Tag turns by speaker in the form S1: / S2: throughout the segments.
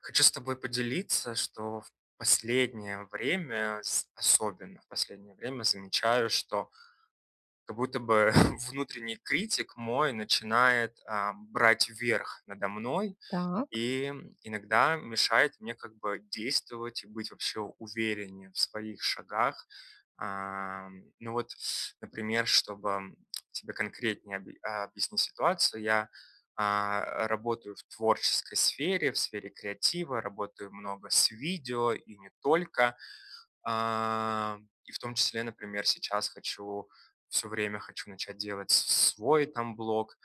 S1: Хочу с тобой поделиться, что в последнее время з особенно в последнее время, замечаю, что как будто бы внутренний критик мой начинает, а, брать верх надо мной
S2: Так.
S1: и иногда мешает мне как бы действовать и быть вообще увереннее в своих шагах. А, ну вот, с например, чтобы тебе конкретнее об объяснить ситуацию: я, а, работаю в творческой сфере, в сфере креатива, работаю много с видео и не только. А, и в том числе, например, сейчас хочу- всё время хочу- начать делать с свой там блог.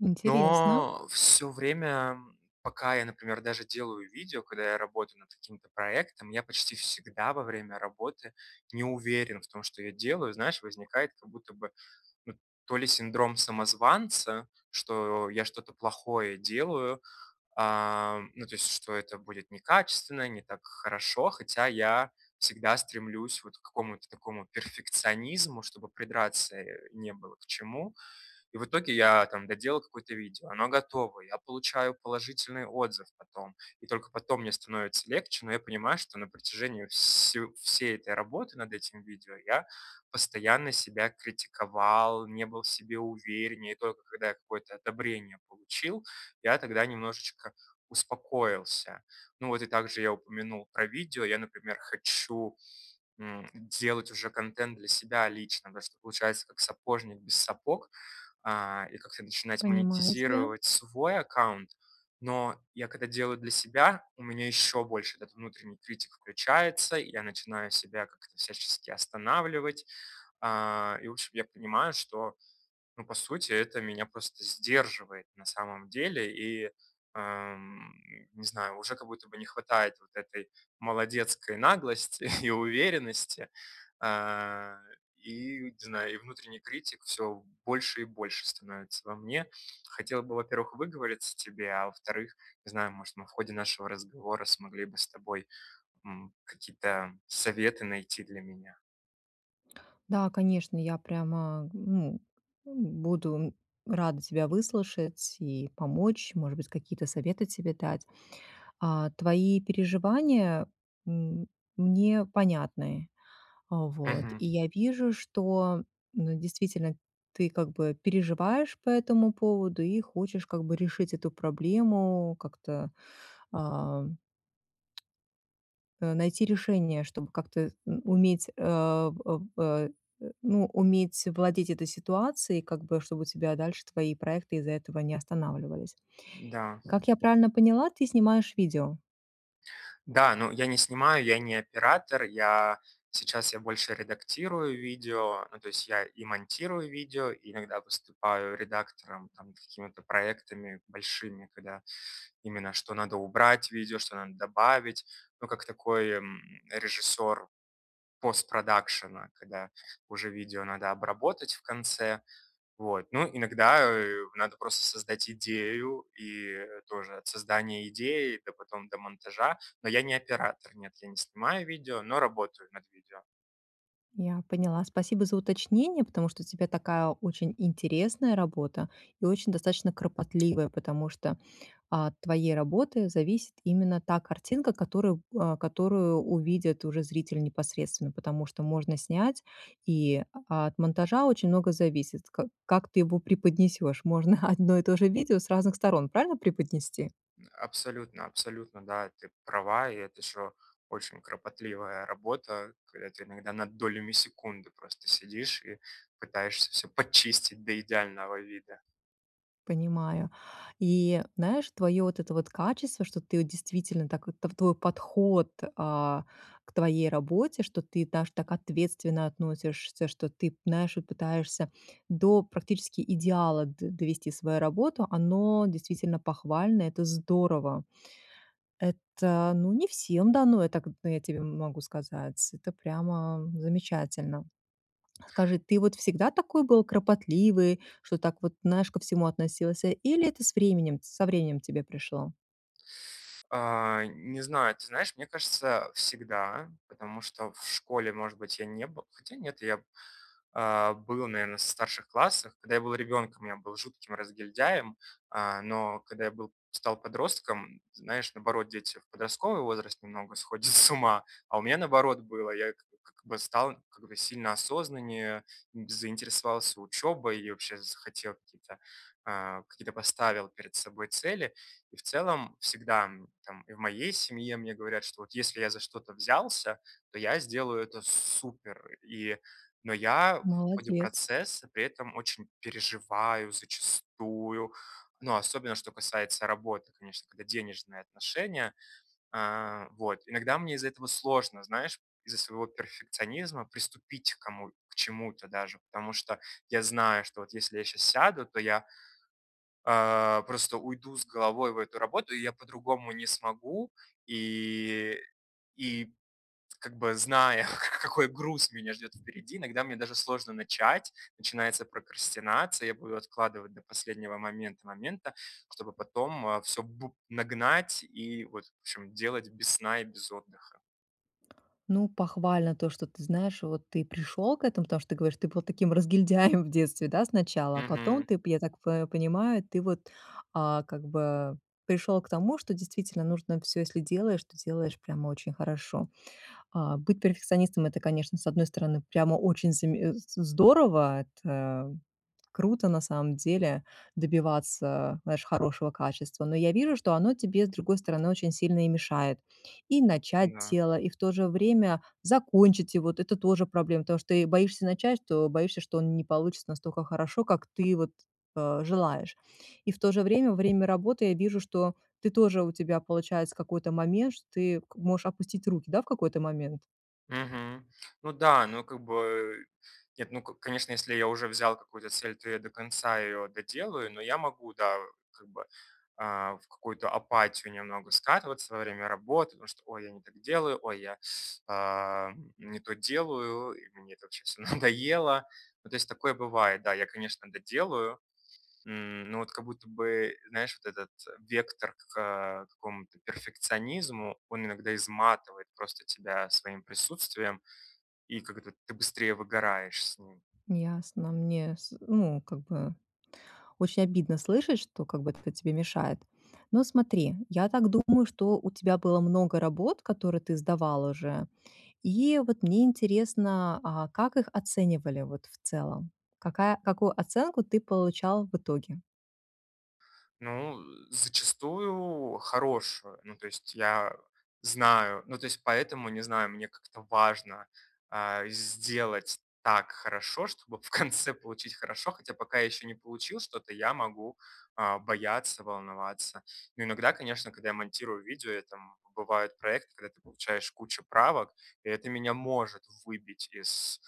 S2: Интересно.
S1: Но всё время, пока я, например, даже делаю видео, когда я работаю над каким-то проектом, я почти всегда во время работы не уверен в том, что я делаю. Знаешь, возникает как будто бы, м, то ли синдром самозванца, что я что-то плохое делаю. А, ну, то есть что это будет некачественно, не так хорошо, хотя я всегда стремлюсь вот к какому-то такому перфекционизму, чтобы придраться, э, не было к чему. И в итоге я там доделал какое-то видео, оно готово. Я получаю положительный отзыв потом. И только потом мне становится легче, но я понимаю, что на протяжении все всей этой работы над этим видео я постоянно себя критиковал, не был в себе увереннее. И только когда я какое-то одобрение получил, я тогда немножечко успокоился. Ну вот, и также я упомянул про видео. Я, например, хочу, м, делать уже контент для себя лично. Да, что получается, как сапожник без сапог, а, и как-то начинать
S2: Понимаю тебя.
S1: монетизировать свой аккаунт. Но, я когда делаю для себя, у меня ещё больше этот внутренний критик включается. Я начинаю себя как-то всячески останавливать. А, и в общем, я понимаю, что, ну, по сути, это меня просто сдерживает на самом деле. И, ам, не знаю, уже как будто бы не хватает вот этой молодецкой наглости и уверенности. А, и, не знаю, и внутренний критик всё больше и больше становится во мне. Хотел бы, во-первых, выговориться тебе. А во-вторых, не знаю, может, мы в ходе нашего разговора смогли бы с тобой, м, какие-то советы найти для меня.
S2: Да, конечно, я прямо, ну, буду рада тебя выслушать и помочь, может быть, какие-то советы себе дать. А, твои переживания м мне понятны, а, вот, и
S1: Мгм.
S2: я вижу, что, ну, действительно ты как бы переживаешь по этому поводу и хочешь как бы решить эту проблему, как-то, ам, э, найти решение, чтоб как-то н уметь, а, б а, а, ну, уметь владеть этой ситуацией, как бы, чтобы у тебя дальше твои проекты из-за этого не останавливались.
S1: Да.
S2: Как я правильно поняла, ты снимаешь видео?
S1: Да, ну, я не снимаю, я не оператор, я, сейчас я больше редактирую видео, ну то есть я и монтирую видео, иногда выступаю редактором, там, какими-то проектами большими, когда именно что надо убрать в видео, что надо добавить. Ну, как такой, м, режиссёр постпродакшна, когда уже видео надо обработать в конце. Вот, ну, иногда, э, надо просто создать идею и тоже от создания идеи до потом до монтажа. Но я не оператор, нет, я не снимаю видео, но работаю над видео.
S2: Я поняла. Спасибо за уточнение, потому что у тебя такая очень интересная работа и очень достаточно кропотливая, потому что от твоей работы зависит именно та картинка, которую, а, которую увидит уже зритель непосредственно, потому что можно снять, и от монтажа очень много зависит, ка как ты его преподнесешь. Можно одно и то же видео с разных сторон, правильно, преподнести?
S1: Абсолютно, абсолютно, да, и ты права, и это ещё очень кропотливая работа, когда ты иногда над долями секунды просто сидишь и пытаешься всё подчистить до идеального вида.
S2: Понимаю. И знаешь, твоё вот это вот качество, что ты вот действительно так вот тв твой подход, а, к твоей работе, что ты даже так ответственно относишься, что ты, знаешь, и пытаешься до практически идеала д довести свою работу. Оно действительно похвально, это здорово. Это, ну, не всем дано, это, к я тебе могу сказать. Это прямо замечательно. Скажи, ты вот всегда такой был кропотливый, что так вот, знаешь, ко всему относился, или это с временем со временем тебе пришло?
S1: А, не знаю. Ты знаешь, мне кажется, всегда, потому что в школе, может быть, я не был хотя нет, я б а, был, наверно, в старших классах. Когда я был ребёнком, я был жутким разгильдяем, а, но когда я был стал подростком, знаешь, наоборот, дети в подростковый возраст немного сходят с ума, а у меня наоборот было. Я, как как бы, стал, как бы, сильно осознаннее, м, заинтересовался учёбой и, вообще, захотел какие-то, а, какие-то поставил перед собой цели. И в целом всегда, м, там, и в моей семье мне говорят, что вот если я за что-то взялся, то я сделаю это супер. И, но я в ходе
S2: Молодец.
S1: процесса при этом очень переживаю зачастую, но особенно, что касается работы, конечно, когда денежные отношения. А, вот, иногда мне из-за этого сложно, знаешь, из-за своего перфекционизма приступить к кому к чему-то даже, потому что я знаю, что вот если я щас сяду, то я а, просто уйду с головой в эту работу, и я по-другому не смогу. И и, как бы, зная, ка какой груз меня ждёт впереди, иногда мне даже сложно начать. Начинается прокрастинация, я буду откладывать до последнего момент момента, чтобы потом, а, всё бу нагнать и, вот, в общем, делать без сна и без отдыха.
S2: Ну, похвально то, что ты, знаешь, вот ты пришёл к этому, потому что ты говоришь, ты был таким разгильдяем в детстве, да, сначала, а потом
S1: Мгм.
S2: ты, п я так по понимаю, ты вот, а, как бы пришёл к тому, что действительно нужно всё, если делаешь, то делаешь прямо очень хорошо. А, быть перфекционистом- это, конечно, с одной стороны, прямо очень заме з здорово, это круто на самом деле- добиваться, знаешь, хорошего качества, но я вижу, что оно тебе, с другой стороны, очень сильно и мешает. И начать
S1: Да.
S2: дело, и в то же время закончить его- это тоже проблема, потому что ты и боишься начать, что боишься, что оно не получится настолько хорошо, как ты вот, а, желаешь. И в то же время во время работы я вижу, что ты тоже, у тебя получается какой-то момент, что ты к можешь опустить руки, да, в какой-то момент?
S1: Мгм. Ну да, ну, как бы нет, ну, ко конечно, если я уже взял какую-то цель, то я до конца её доделаю, но я могу, да, как бы, а, в какую-то апатию немного скатываться во время работы, потому что: "Ой, я не так делаю". "Ой, я, а, не то делаю". И мне это вообще всё надоело. Ну, то есть такое бывает, да, я, конечно, доделаю, м, но вот как будто бы, знаешь, вот этот вектор к э, какому-то перфекционизму, он иногда изматывает просто тебя своим присутствием, и как-то ты быстрее выгораешь с ним.
S2: Ясно, мне, с ну, как бы очень обидно слышать, что, как бы, это тебе мешает. Ну смотри, я так думаю, что у тебя было много работ, которые ты сдавал уже, и вот мне интересно, а как их оценивали, вот, в целом. Какая какую оценку ты получал в итоге?
S1: Ну, э, зачастую хорошую. Ну, то есть я знаю, ну, то есть поэтому, не знаю, мне как-то важно, а, сделать так хорошо, чтобы в конце получить хорошо, хотя пока я ещё не получил что-то, я могу, а, бояться, волноваться. Но иногда, конечно, когда я монтирую видео, это, м, бывают проекты, когда ты получаешь кучу правок, и это меня может выбить из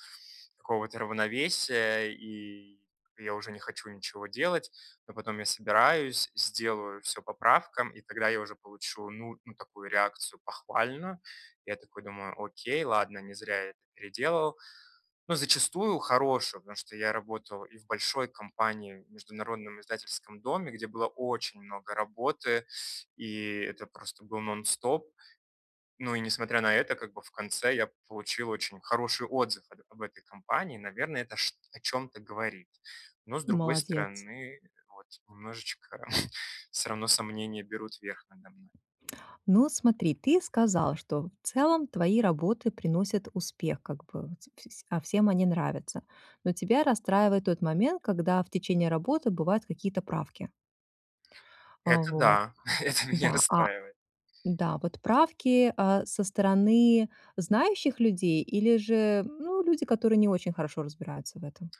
S1: какого-то равновесия, и я уже не хочу ничего делать. Но потом я собираюсь, сделаю всё по правкам, и когда я уже получу, ну ну, такую реакцию, похвальную, я такой думаю: "Окей, ладно, не зря я это переделывал". Но зачастую хорошую, потому что я работал и в большой компании, в международном издательском доме, где было очень много работы, и это просто был нон-стоп. Ну, и несмотря на это, как бы, в конце я получил очень хороший отзыв от об этой компании, наверно, это чт о чём-то говорит. Но, с другой
S2: Молодец.
S1: стороны, вот немножечко всё равно сомнения берут верх надо мной.
S2: Ну, смотри, ты сказал, что в целом твои работы приносят успех, как бы, с п с а, всем они нравятся. Но тебя расстраивает тот момент, когда в течение работы бывают какие-то правки. А,
S1: Это
S2: вот,
S1: да, это меня
S2: да, а
S1: расстраивает.
S2: Да, вот правки, а, со стороны знающих людей или же, ну, люди, которые не очень хорошо разбираются в этом?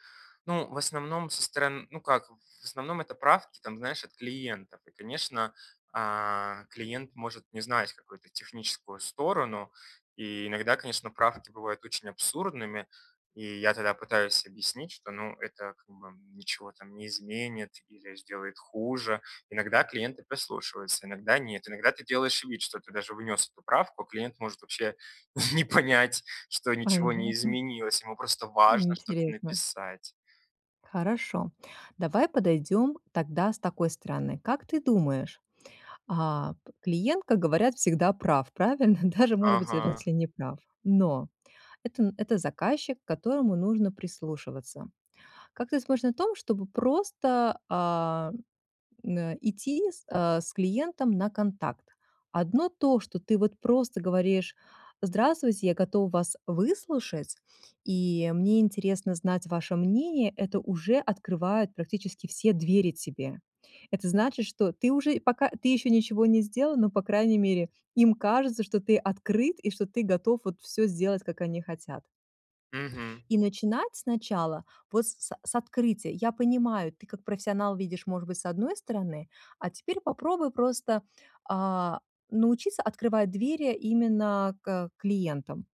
S1: Ну, в основном, со сторон ну как, в основном это правки там, знаешь, от клиентов. И конечно, а, клиент может не знать какую-то техническую сторону, и иногда, конечно, правки бывают очень абсурдными. И я тогда пытаюсь объяснить, что, ну, это как бы ничего там не изменит, или сделает хуже. Иногда клиенты прислушиваются, иногда нет. Иногда ты делаешь вид, что ты даже внёс эту правку, а клиент может вообще не понять, что ничего не
S2: Понятно.
S1: изменилось, ему просто важно что-то
S2: Интересно.
S1: написать.
S2: Хорошо, давай подойдем тогда с такой стороны. Как ты думаешь, а клиент, как говорят, всегда прав, правильно? Даже, может быть,
S1: Ага.
S2: если не прав, но это н это заказчик, к которому нужно прислушиваться. Как ты смотришь на том, чтобы просто, а, н э, идти, с а, с клиентом на контакт? Одно то, что ты вот просто говоришь: "Здравствуйте, я готов вас выслушать и мне интересно знать ваше мнение",- это уже открывает практически все двери тебе. Это значит, что ты уже и пока ты еще ничего не сделал, но, по крайней мере, им кажется, что ты открыт, и что ты готов вот всё сделать, как они хотят.
S1: Мгм.
S2: И начинать сначала, вот с с с открытия. Я понимаю, ты, как профессионал, видишь, может быть, с одной стороны, а теперь попробуй просто, а, научиться открывать двери именно к, э, клиентам.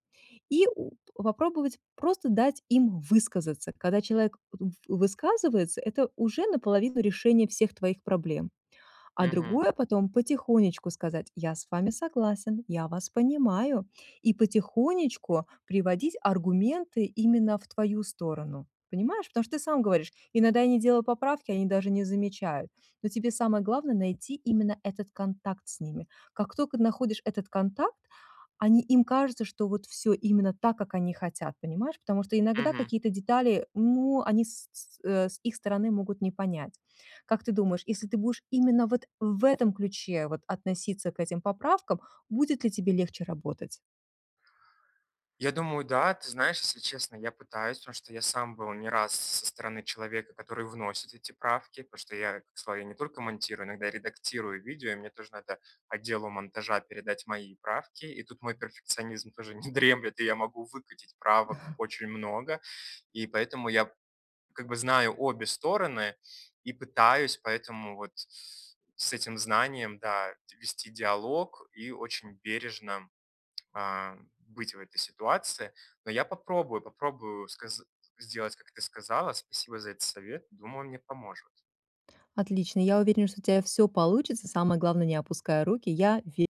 S2: И у попробовать просто дать им высказаться. Когда человек в высказывается- это уже наполовину решение всех твоих проблем. А
S1: Мгм.
S2: другое, потом потихонечку сказать: "Я с вами согласен, я вас понимаю". И потихонечку приводить аргументы именно в твою сторону, понимаешь? Потому что ты сам говоришь: "Иногда я не делал поправки, они даже не замечают". Но тебе самое главное найти именно этот контакт с ними. Как только находишь этот контакт, они им кажется, что вот всё именно так, как они хотят, понимаешь? Потому что иногда
S1: Мгм.
S2: какие-то детали, ну, они с с э, с их стороны могут не понять. Как ты думаешь, если ты будешь именно вот в этом ключе вот относиться к этим поправкам, будет ли тебе легче работать?
S1: Я думаю, да. Ты знаешь, если честно, я пытаюсь, потому что я сам был не раз со стороны человека, который вносит эти правки, потому что я, к славе, я не только монтирую, иногда редактирую видео. И мне тоже надо отделу монтажа передать мои правки, и тут мой перфекционизм тоже не дремлет, и я могу выкатить правок очень много. И поэтому я как бы знаю обе стороны и пытаюсь поэтому вот с этим знанием, да, д вести диалог и очень бережно, а, быть в этой ситуации. Но я попробую, попробую сказа сделать, как ты сказала. Спасибо за этот совет. Думаю, он мне поможет.
S2: Отлично. Я уверена, что у тя всё получится. Самое главное- не опускай руки. Я ве